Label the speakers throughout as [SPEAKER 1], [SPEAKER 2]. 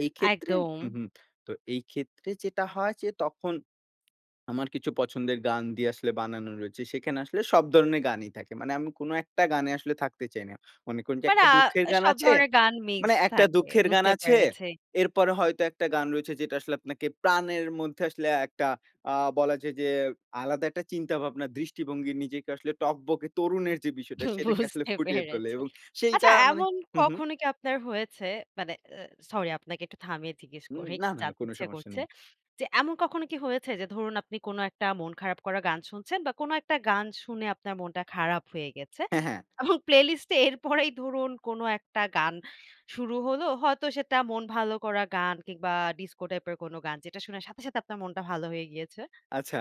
[SPEAKER 1] এই ক্ষেত্রে
[SPEAKER 2] একদম।
[SPEAKER 1] হু, হু। তো এই ক্ষেত্রে যেটা হয় যে, তখন আমার কিছু পছন্দের গান দিয়ে আসলে বানানো রয়েছে, সেখানে আসলে সব ধরণের গানই থাকে। মানে আমি কোন একটা গানে আসলে থাকতে চাই না। মনে করুন যে
[SPEAKER 2] মানে
[SPEAKER 1] একটা
[SPEAKER 2] আ
[SPEAKER 1] দুঃখের গান
[SPEAKER 2] সব
[SPEAKER 1] আছে
[SPEAKER 2] ধরনের গান
[SPEAKER 1] মানে
[SPEAKER 2] মিক্সড
[SPEAKER 1] একটা
[SPEAKER 2] থাকে।
[SPEAKER 1] দুঃখের গান
[SPEAKER 2] বুঝতে
[SPEAKER 1] আছে।
[SPEAKER 2] পেরেছি।
[SPEAKER 1] এরপরে হয়তো একটা গান রয়েছে, যেটা আসলে আপনাকে প্রাণের মধ্যে আসলে একটা আ বলা যায় যে, আলাদা একটা চিন্তাভাবনা, দৃষ্টিভঙ্গি নিজেকে আসলে টকবকে তরুণের যে বিষয়টা,
[SPEAKER 2] হু,
[SPEAKER 1] সেটাকে আসলে
[SPEAKER 2] বুঝতে
[SPEAKER 1] ফুটিয়ে তোলে
[SPEAKER 2] পেরেছি।
[SPEAKER 1] এবং
[SPEAKER 2] আচ্ছা,
[SPEAKER 1] সেইটা মানে
[SPEAKER 2] এমন
[SPEAKER 1] হু, হু।
[SPEAKER 2] কখনো কি আপনার হয়েছে? মানে এ সরি! আপনাকে একটু থামিয়ে জিজ্ঞেস
[SPEAKER 1] হু।
[SPEAKER 2] করি,
[SPEAKER 1] না,
[SPEAKER 2] খুব
[SPEAKER 1] না, না
[SPEAKER 2] জানতে
[SPEAKER 1] কোন
[SPEAKER 2] ইচ্ছে
[SPEAKER 1] সমস্যা
[SPEAKER 2] করছে।
[SPEAKER 1] নেই।
[SPEAKER 2] যে এমন কখনো কি হয়েছে? যে ধরুন, আপনি কোন একটা মন খারাপ করা গান শুনছেন বা কোন একটা গান শুনে আপনার মনটা খারাপ হয়ে গেছে
[SPEAKER 1] হ্যাঁ, হ্যাঁ।
[SPEAKER 2] এবং প্লেলিস্ট এ এরপরেই ধরুন কোনো একটা গান শুরু হলো, হয়তো সেটা মন ভালো করা গান কিংবা ডিস্কো টাইপের কোন গান, যেটা শুনে সাথে, সাথে আপনার মনটা ভালো হয়ে গিয়েছে?
[SPEAKER 1] আচ্ছা,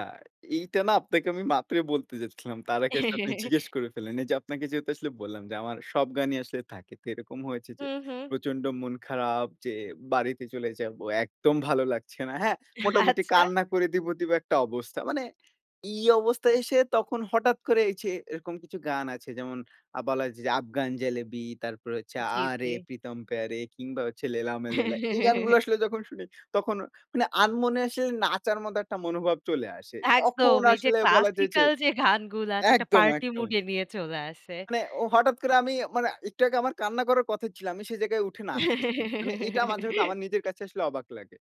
[SPEAKER 1] এইটা না, আপনাকে আমি মাত্র বলতে যাচ্ছিলাম। তার আগে আপনি জিজ্ঞেস করে ফেললেন। এই যে আপনাকে যেহেতু আসলে বললাম যে, আমার সব গানই আসলে থাকে তো এরকম হয়েছে যে,
[SPEAKER 2] হুম, হুম।
[SPEAKER 1] প্রচন্ড মন খারাপ যে বাড়িতে চলে যাব। একদম ভালো লাগছে না, হ্যাঁ? মোটামুটি
[SPEAKER 2] আচ্ছা।
[SPEAKER 1] কান্না করে দিব, দিব একটা অবস্থা। মানে এই অবস্থায় এসে তখন হঠাৎ করে এছে এরকম কিছু গান আছে যেমন, আ বলা যায় যে, 'আফগান জেলেবি' তারপরে হচ্ছে
[SPEAKER 2] জি,
[SPEAKER 1] 'Aa Re
[SPEAKER 2] জি।
[SPEAKER 1] Pritam Pyaare' কিংবা হচ্ছে 'Laila Main Laila' এই গানগুলো আসলে যখন শুনি, তখন অ আনমনে আসলে নাচার মতো একটা মনোভাব চলে আসে।
[SPEAKER 2] একদম
[SPEAKER 1] তখন
[SPEAKER 2] এই যে
[SPEAKER 1] আসলে বলা যায় যে
[SPEAKER 2] ক্লাসিক্যাল যে গানগুলা আছে, একটা
[SPEAKER 1] একদম,
[SPEAKER 2] পার্টি মুড
[SPEAKER 1] একদম।
[SPEAKER 2] এ নিয়ে চলে আসে।
[SPEAKER 1] মানে ও হঠাৎ করে আমি মানে, একটু আগে আমার কান্না করার কথা ছিল। আমি সেই জায়গায় উঠে নাচতেছি। মানে এটা মাঝে মধ্যে আমার নিজের কাছে আসলে অবাক লাগে।